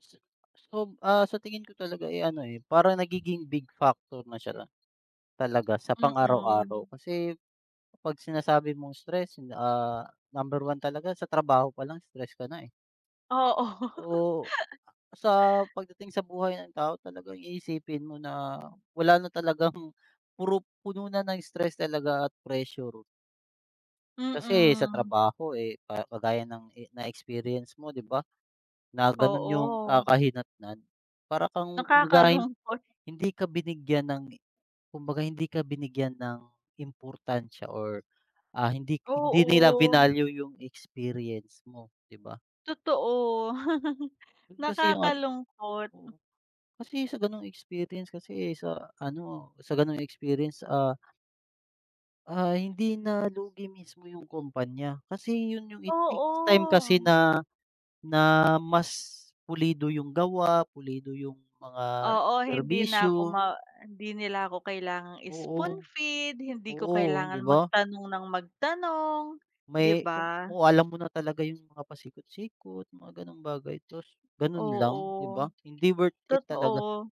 S So, ah, sa tingin ko talaga eh, ano eh, parang nagiging big factor na siya, talaga sa pang Mm. araw-araw, kasi, pag-sinasabi mong stress ah, number 1 talaga sa trabaho pa lang stress ka na eh. Oo. Oo. A sa pag-dating sa buhay ng tao talagang iisipin mo na wala na talagang, puro puno na ng stress talaga at pressure. Kasi sa Mm. trabaho eh, pa kagaya ng e na-experience mo di ba? Na ganun yung Oo. kakahinatnan. Para kang kumbaga eh, Nakakalungkot. hindi ka binigyan ng, kumbaga hindi ka binigyan ng importansya or, ah hindi hindi nila Oo. vinalue yung experience mo, di ba? Totoo, Kasi yung ano nakakalungkot. oo. Kasi sa ganong experience kasi sa ano, sa ganong experience ah ah hindi na lugi mismo yung kumpanya. Kasi yun yung it takes time kasi Oo. na na mas, pulido yung gawa, pulido yung mga Oo hindi na ako serbisyo. ma hindi nila ako kailangang i-spoon Oo. feed, hindi ko Oo, di kailangan ba? mag-tanong ng mag-tanong, di May kung ba? kung alam mo na talaga yung mga pasikot-sikot, mga ganong bagay, tapos ganun lang di ba? Oo. Hindi worth it talaga. Totoo.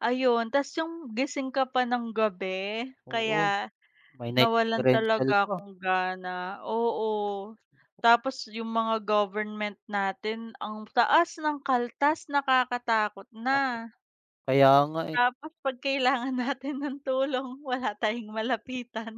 Ayun, tapos 'yong gising ka pa ng gabi, Oo. kaya, May night nawalan differential talaga pa. akong gana oo. Tapos 'yong mga government natin ang taas ng kaltas nakakatakot Tapos na. kaya nga eh. Tapos pag kailangan natin ng tulong wala tayong malapitan.